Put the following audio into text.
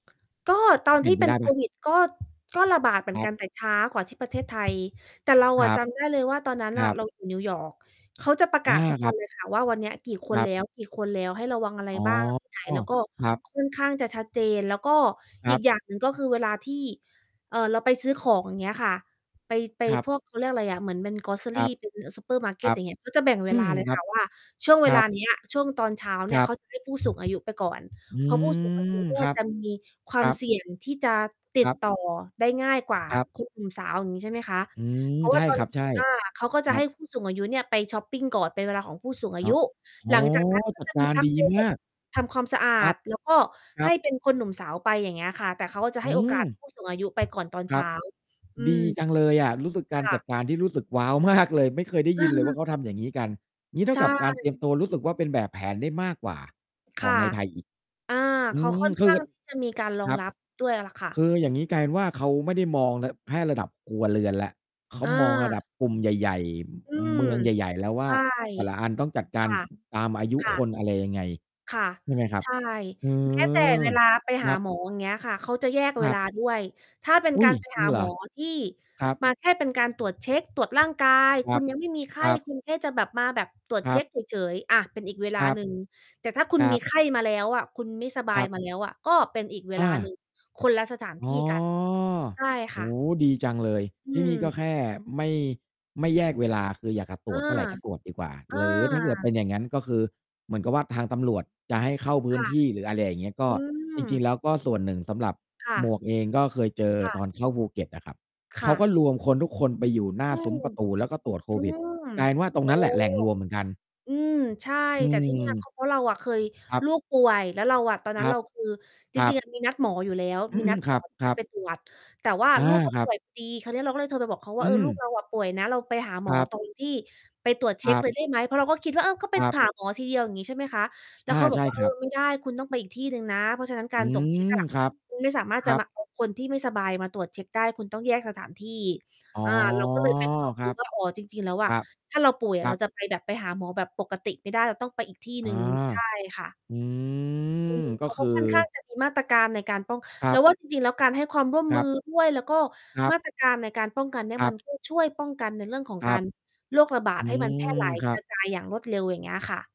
ก็ตกอ็นเปลที่ียน่ไปเป็ไดน้โคเปล่า? วิด ก็ ก็ระบาดเหมืคอนรกัับ น แต่ช้ากว่าที่ ประเทศไทย แต่เราคอระัจบ ำได้เลยว่า ตอนนั้นคนร่ะ ับ เรา อยู่ นิวยอร์ก เขาจะประอกา าศ ทุกครวัันบ เลยค่ะ ว่า วันเนี้ย กี่คคนรัแลบ ้ว ๆ ให้ระวัง อะไรอ๋อ บ้าง ที่ไหน แล้วก็ครับ ค่อนข้างจะชัด เจน แล้วก็คอรัีกบ อย่างหนึ่งก็คือเวลาที่ เอ่อ เราไปซื้อของ อย่างเงี้ยค่ะ ไป ไปครับ พวก เขาเรียกอะไรอะ เหมือนเป็น ครGrocery ับ เป็น อ ซูเปอร์มาร์เกค็ต รัอบ ย่างเงี้ย ก็จะแบ่งเอวืลม า เลยครัคบ ่ะว่า ช่วงเควรัลาบ เนี้ย ช่วงตอนเช้าเคนี่รย ัเขบ า จะให้ ผู้สูงอายุไปก่อน อืเพราะ ผู้สูงอาม ยุเนี่ครย ับ จะมีควคารมัเบ สี่ยงที่จะติคดรับ ต่อได้ง่ายกว่า ครับ คุณหนุ่มสาว อย่างงี้ใช่ไหมคะ อืม เพราะวใช่า่ ตอคน รับ ใช่ อา เขาก็คจะรัให้บ ผู้สูงอายุเนี่ยไปช็อปปิงก่อน เป็นเวลาของผู้สูงอาอ๋อ ยุ โอ้โฮ หลัง จากนั้นกจ็ัจดะกมีารพัดกีเบรมก าก ทำความสะอคารัด บ แล้วก็ครใหั้บ เป็นคนหนุ่มสาวไป อย่างเงี้ยค่ะ แต่เขาก็จะอใืห้ โอกาสม ผู้ สูงอายุไปก่อน ตอนคเรชั้บ า อืดม ีจังเลยอะ รู้สึกกาคร่จัดะ การที่รู้สึกว้าวมากเลย ไม่เคยได้เยินเลยวอ่อ าเขาทำอย่างงี้กัน อย่างงี้ เท่ใชากับการเตรี่ ยมตัวรู้สึกว่า เป็นแบบแผนได้มากกว่าคขอ่ะ งในไทยอีก อา อเืขาค่ม อน คขื้อ างที่จะมี การรอคงรับ รับด้วยล่ะค่ะ คืออย่างนี้กลายเป็นว่า เขาไม่ได้มองระ แค่ระดับครัวเรือนแล้ว เขาอมองระดัา บกลุ่มใหญ่ อืๆ ม เมืองใหญ่ ๆ แล้ววใ่ชา ่ แต่ละอันต้องจัดกคาร ่ะ ตามอายุค่คะ น อะไรยังไง ค่ะ ใช่ไหมครัใชบ? ่ อืแม้แต่ อ เวลาไปหคราับ หมอ อย่างเงี้ยค่ะ เขาจะแยกคเวรัลาบ ด้วย ถ้าเป็นอุก๊าย! รไป จรหิงาเหรหมอ? อ ที่ครับ มาแค่เป็นการตรวจเช็ก ตรวจร่างกาย ครคุับ ณยังไม่มีไขค้รับ คุณแค่จะแบบ มาแบบตรวจครเชั็บ กเฉย ๆ อา เป็นอีกเวลาครับ หนึ่ง แต่ถ้าคุคณรัมีบ ไข้มาแล้วอะ คุณไม่สบาครยับ มา แล้ว อะ ก็เป็นอีกเวอลาหนึา ่ง คนละสถานอท๋ี่อ กัน ใช่โอค่้ะ โฮ ดีจังเลย อืที่นี่ก็ม แค่ไม่ ไม่แยกเวลา คืออยากจะตเอรอ วจเมื่อไรก็ตรวจดีกว่า เออ หรือถ้าเกิดเป็นอย่างงั้น ก็คือ เหมือนกับว่าทางตำรวจจะให้เข้าพืค้น่ะ ที่ หรืออะไรอย่างเงี้ย ก็ อืจริง ๆ ม แล้วก็ส่วนหนึ่ง สำหรับค่หมะ วกเองก็เคยเจอค่ตะ อนเข้าภูเก็ตอะครับ คเข่าะ ก็รวมคนทุกคนไปอยู่หน้อาืซุ้มม ประตู แล้วก็ตรวจโคอืวิด ม กลายเป็นว่าตรโอง้ นั้นแหละแหล่งรวมเหมือนกัน อืม ใช่ อืแต่ ที่เนี่ย ม ก็เพราะเราอะเคย ครับ ลูกป่วย แล้วเราอะ ตอนนคั้รนัเรบ าคือ จครรัิง ๆ บ อะ มีนัดหมออยู่แล้ว อืมี นัอ ดๆ หคมรอที่จะ ับ ไปๆ ตรวจ แต่ว่า อา ลูกก็ครปั่บ วย พอดี คราวนี้เราก็เลยโทรไปบอกเขาวอ่า ืเออ ลูกม เรา อะป่วยนะ เราไปหาหมคอ รับ ตรงที่ ไปตรวจเคช็รกัเบ ลย ได้ไหม เพราะเราก็คิดว่า เออ ก็ไป ครัหบ าหมอ ทีเดียว อย่างนี้ใช่ไหมคะ แล้อวา เขาบใอชก ่ว่า "เคอรอ ับ ไม่ได้คุณต้องไปอีกที่หนึ่งนะ เพราะฉะนั้นกอาืร ตรวจ เชม ็กอะ ครับ คุณไม่สามารถคจะรัมบ า เอา คนที่ไม่สบายมาตรวจเช็กได้ คุณต้องแยกสถานที่" อ๋อ อา เราก็เลยเป็นความครรัู้บ ว่า อ๋อ จริง ๆ แล้วอคะ รับ ถ้าเราป่วยอคะรเัราบ จะไปแบบไปหาหมอแบบปกติไม่ได้ เราต้องไปอีกที่ อหนา ึ่ง ใช่ค่ะ อือืม ม กเข็าคก็ือ ค่อนข้างจะมี มาตรการในการป้อง ครเรัาบ ว่าจริง ๆ แล้วการให้ความร่วม ครมืับ อ ด้วย แล้วก็ครับ มาตรการในการป้องกันเนี่ย ครมัับ น ก็ ช่วยป้องกันในเรื่องของครกาัร บ โรคระบาอดืให้มันแพร่ม หลายครักรบ ะจายอย่างรวดเร็ว อย่างเงี้ยค่ะ